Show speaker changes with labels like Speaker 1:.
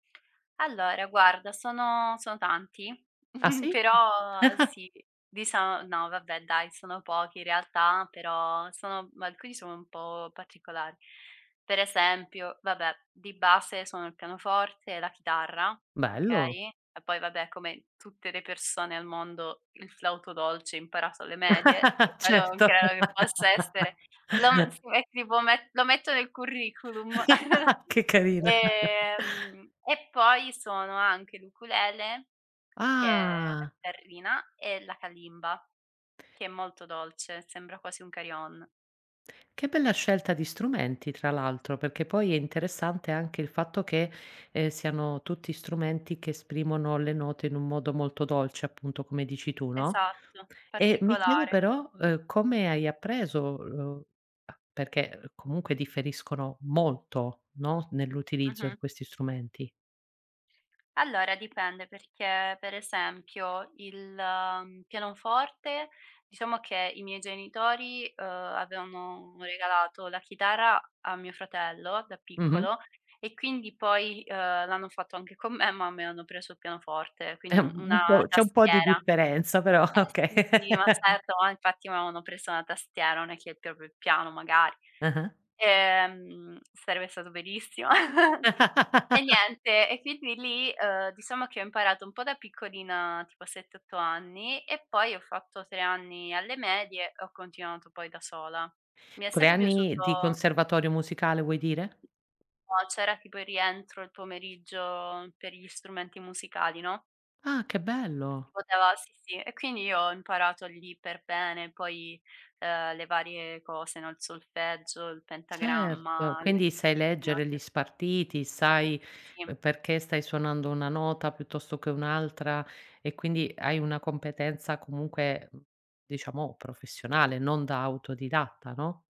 Speaker 1: Allora, guarda sono sono tanti,
Speaker 2: Ah sì?
Speaker 1: però sì dicia no vabbè dai sono pochi in realtà, però sono alcuni sono un po' particolari. Per esempio, vabbè di base suono il pianoforte e la chitarra,
Speaker 2: Bello.
Speaker 1: okay, e poi vabbè come tutte le persone al mondo, il flauto dolce imparato alle medie, che quello non
Speaker 2: Certo.
Speaker 1: credo che possa essere lo me si met tipo met lo metto nel curriculum,
Speaker 2: Che carina.
Speaker 1: ehm, e poi suono anche l'ukulele, che è la
Speaker 2: Ah.
Speaker 1: chitarrina e la kalimba che è molto dolce, sembra quasi un carillon.
Speaker 2: Che bella scelta di strumenti tra l'altro, perché poi è interessante anche il fatto che, ehm, siano tutti strumenti che esprimono le note in un modo molto dolce appunto. come dici tu, no,
Speaker 1: Esatto,
Speaker 2: e mi chiedo
Speaker 1: particolare.
Speaker 2: però, uhm, come hai appreso, lo perché comunque differiscono molto, no, nell'utilizzo
Speaker 1: Mh-mh.
Speaker 2: di questi strumenti.
Speaker 1: Allora, dipende perché per esempio il pianoforte, diciamo che i miei genitori, uhm, avevano regalato la chitarra a mio fratello da
Speaker 2: Mh-mh.
Speaker 1: piccolo e quindi poi, uhm, l'hanno fatto anche con me, ma a me hanno preso il pianoforte, quindi
Speaker 2: Eh
Speaker 1: un
Speaker 2: u
Speaker 1: una
Speaker 2: un po' c'è un po' di
Speaker 1: tastiera.
Speaker 2: differenza però
Speaker 1: Eh
Speaker 2: okay.
Speaker 1: sì, sì, ma certo, infatti mi avevano preso una tastiera, non è che il proprio piano magari,
Speaker 2: Ah-ah.
Speaker 1: ehm, sarebbe stato bellissimo. E niente e quindi lì, uhm, diciamo che ho imparato un po' da piccolina tipo a 7, 8 anni e poi ho fatto 3 anni alle medie e ho continuato poi da sola. Mi è
Speaker 2: 3
Speaker 1: sempre
Speaker 2: anni di
Speaker 1: piaciuto
Speaker 2: conservatorio musicale vuoi dire?
Speaker 1: No c'era tipo il rientro il pomeriggio per gli strumenti musicali, no?
Speaker 2: Ah che bello.
Speaker 1: Si poteva sì, sì. E quindi io ho imparato lì per bene poi, uhm, le varie cose, no il solfeggio, il pentagramma,
Speaker 2: Certo,
Speaker 1: la
Speaker 2: quindi
Speaker 1: chiave
Speaker 2: sai
Speaker 1: di violino la
Speaker 2: leggere gli
Speaker 1: chiave di [unintelligible]
Speaker 2: spartiti, sai
Speaker 1: Sì.
Speaker 2: perché stai suonando una nota piuttosto che un'altra e quindi hai una competenza comunque, mhmm, diciamo professionale, non da autodidatta, no?